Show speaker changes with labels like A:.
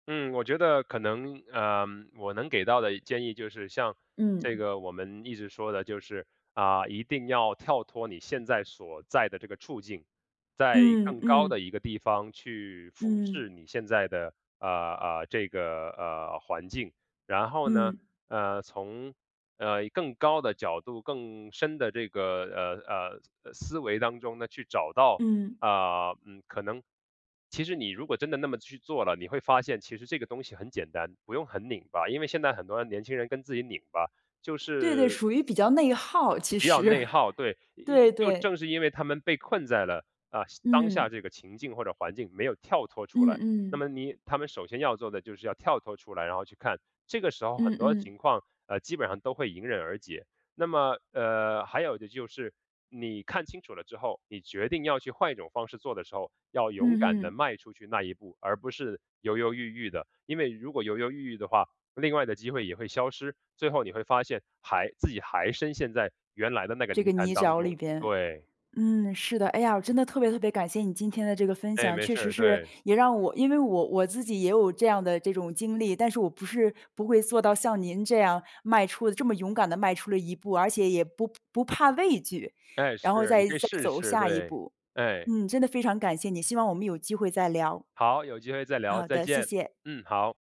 A: 嗯，我觉得可能，呃，我能给到的建议就是，像这
B: 嗯。
A: 个我们一直说的就是，啊，一定要跳脱你现在所在的这个处境，在
B: 嗯
A: 更高的
B: 嗯。
A: 一个地方去俯视
B: 嗯。
A: 你现在的，呃，呃，这个，呃，环境。然后呢，
B: 嗯。
A: 呃，从，呃，更高的角度，更深的这个，呃，呃，呃，思维当中呢，去找到
B: 嗯。
A: 呃，可能其实你如果真的那么去做了，你会发现其实这个东西很简单，不用很拧巴，因为现在很多的年轻人跟自己拧巴，就
B: 对对，
A: 是
B: 属于比较内耗，其
A: 比较
B: 实，
A: 内耗，对，一
B: 对
A: 就
B: 对。
A: 正是因为他们被困在了，呃，当下
B: 嗯。
A: 这个情境或者环境没有跳脱出
B: 嗯
A: 来。那
B: 嗯。
A: 么你他们首先要做的就是要跳脱出来，然后去看。这个时候很
B: 嗯
A: 多
B: 嗯。
A: 情况，呃，基本上都会迎刃而解。那么，呃，还有的就是，你看清楚了之后，你决定要去换一种方式做的时候，要勇敢
B: 嗯
A: 地
B: 嗯。
A: 迈出去那一步，而不是犹犹豫豫的。因为如果犹犹豫豫的话，另外的机会也会消失，最后你会发现还自己还深陷在原来的那个
B: 这
A: 泥
B: 个
A: 潭
B: 泥
A: 当
B: 沼里
A: 中，
B: 边，
A: 对。
B: 嗯，是的。哎呀，我真的特别特别感谢你今天的这个分
A: 诶，
B: 享，
A: 没
B: 确
A: 事
B: 实
A: 儿，
B: 是，
A: 对。
B: 也让我因为我我自己也有这样的这种经历，但是我不是不会做到像您这样迈出这么勇敢地迈出了一步，而且也不不怕畏惧，
A: 哎，
B: 然后
A: 是，你
B: 再
A: 可以
B: 再
A: 试一
B: 走
A: 试，
B: 下一
A: 对，
B: 步。
A: 哎。
B: 嗯，真的非常感谢你，希望我们有机会再聊。
A: 好，有机会再聊。
B: 好
A: 再
B: 的，谢
A: 见，
B: 谢。
A: 嗯，好。